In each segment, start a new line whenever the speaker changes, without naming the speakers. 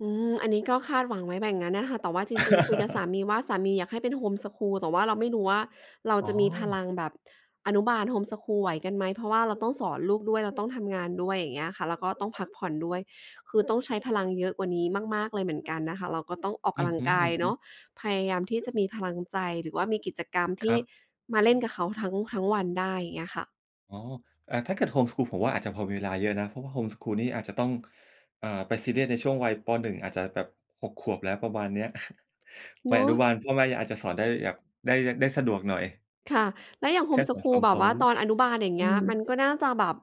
อืม อันนี้ก็คาดหวังไว้อย่างงั้นน่ะค่ะ แต่ว่าจริง ๆ คุยกับสามีว่า สามีอยากให้เป็นโฮมสกูล แต่ว่าเราไม่รู้ว่า เรา
อ๋
จะมีพล
อ
ังแบบอนุบาลโฮมสกูลไหวกันไหม เพราะว่าเราต้องสอนลูกด้วย แล้วต้องทำงานด้วย อย่างเงี้ยค่ะ แล้วก็ต้องพักผ่อนด้วย คือต้องใช้พลังเยอะกว่านี้มาก ๆ เลยเหมือนกันนะคะ เราก็ต้องออก
อื
ก
อ
ำลั
ฮ
ง
ึ
กายเนาะ
ๆ
พยายามที่จะมีพลังใจ หรือว่ามีกิจกรรม
ค
ที
ร
่
ับ
มาเล่นกับเขาทั้ง ทั้งวันได้ เงี้ยค่ะ
อ๋อ อ่า ถ้าเกิดโฮมสกูลผมว่า อาจจะพอมีเวลาเยอะนะ เพราะว่าโฮมสกูลนี่อาจจะต้อง เอ่อ ไปซีเรียสในช่วงวัย ป. 1 อาจจะแบบ 6 ขวบแล้วประมาณเนี้ย ว
เ
ั
นา
ยอนุ
ะ
บาลพ่อแม่ อา อาจจะสอนได้แบบ ได้ ย ได้สะดวกหน่อย
ค่ะ แล้วอย่างโ
แ
ฮ
ค
ม
่
ส
ใส่
ก
ค
ู
ว
ล
าม
แบ
พร
บ
้
ว
อ
่า
ม
ตอนอ
อ
นุบาล อย่างเงี้ย
ื
ม
อ
ันก็น่าจะแบบ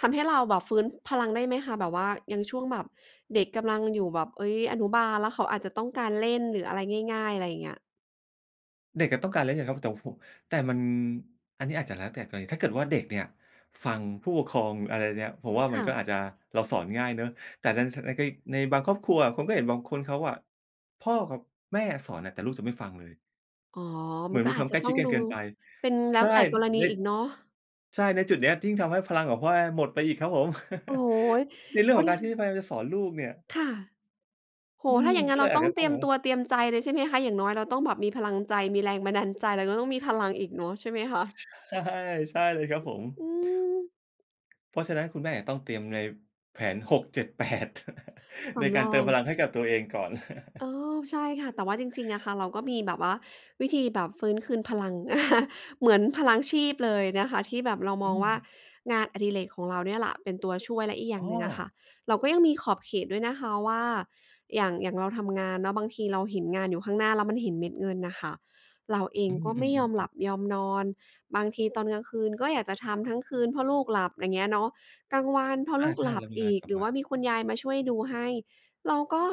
ทำให้เราแบบฟื้นพลังได้ไหมคะ? แบบว่ายังช่วงแบบเด็กกำลังอยู่แบบ เอ๊ย อนุบาล แล้วเขาอาจจะต้องการเล่นหรืออะไรง่าย ๆ ไรเงี้ย
เด็กอะต้องการแล้วยัง ครับ แต่ผม แต่มัน อันนี้อาจจะแล้วแต่กรณี ถ้าเกิดว่าเด็กเนี่ยฟังผู้ปกครอง อะไรเนี่ย ผมว่า
ค
มัน
่
ก็
ะ
อาจจะ เราสอนง่ายเนาะ แต่ใน ท ในก็อีก ในบางครอบครัวอะผมก็เห็นบางคนเขาอะ พ่อกับแม่สอนอะ แต่ลูกจะไม่ฟังเลย
อ๋อ
เห
ม
ม
ั
ือ
น
น
ก็
มี
อ
คว
าจ
ามใ
จ
ก
ะ
ล้
ต
ช
้
ิ
อ
ด
ง
กั
ด
น
ู
เกินไป
เป็นแล้
ใช
วแ
่
ต่กรณี
ใน
อีกเนาะ
ใช่ ในจุดเนี้ยยิ่งทำให้พลังของพ่อแม่หมดไปอีกครับผม
โอ้โฮ
ในเร
โ
ื
ก
่องของ
ด
ก
ั
ารที่
ง
พยายามจะสอนลูกเนี่ย
ค่ะ โอโฮ
อื
ถ้
ม
าอย่างง
ก
ั
็
้น
เ
เ
ล
รา
ยอา
ต้
จ
อง
จะ
เ
ต
ต
้
ร
อง
ีย
แบ
ม
บ
ต
ว่า
ัวเตรียมใจเลย ใช่ไหมคะ? อย่างน้อยเราต้องแบบมีพลังใจ มีแรงบันดาลใจ แล้วก็ต้องมีพลังอีกเนาะ ใช่ไหมคะ?
ใช่ ใช่เลยครับผม
อืม
เพราะฉะนั้นคุณแม่อาจต้องเตรียมใน แผน 6 7 8
ส
ในก
ำ
า
ร
รเต
อ
ิม
ง
พลังให้กับตัวเองก่อน
เออ ใช่ค่ะ แต่ว่าจริง ๆ อะค่ะ เราก็มีแบบว่าวิธีแบบฟื้นคืนพลัง เหมือนพลังชีพเลยนะคะ ที่แบบเรา
อ
ม
ื
องว่า
ม
งานอดิเรกของเราเนี่ยล่ะเป็นตัวช่วย และอีกอย่
อ
า
๋
งห
อ
นึ่งอะค่ะ เราก็ยังมีขอบเขตด้วยนะคะว่า อย่าง อย่างเราทำงานเนาะ บางทีเราเห็นงานอยู่ข้างหน้า แล้วมันเห็นเม็ดเงินน่ะค่ะ เราเอ
อ
ง
ื
ก็ไม่ยอม
อ
หลั
ๆ ๆ ๆ
บยอมนอน บางทีตอนกลางคืนก็อยากจะทำทั้งคืน เพราะลูกหลับ อย่างเงี้ยเนาะ กลางวันพอ
อ
ล
า
ูก
ใช่
หลั
เร
บ
ามี
อ
งาน
ีก
กลั
ห
บ
รือ
ม
ว่
า
า มีคุณยายมาช่วยดูให้ เราก็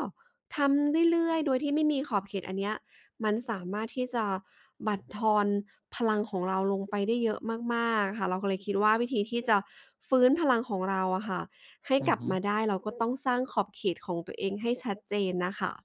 ทำเรื่อย ๆ โดยที่ไม่มีขอบเขต อันเนี้ยมันสามารถที่จะบั่นทอนพลังของเราลงไปได้เยอะมาก ๆ ค่ะ เราก็เลยคิดว่า วิธีที่จะฟื้นพลังของเราอะค่ะให้
อื
ก
อ
ลับ
ฮึ
มาได้ เราก็ต้องสร้างขอบเขตของตัวเองให้ชัดเจนน่ะค่ะ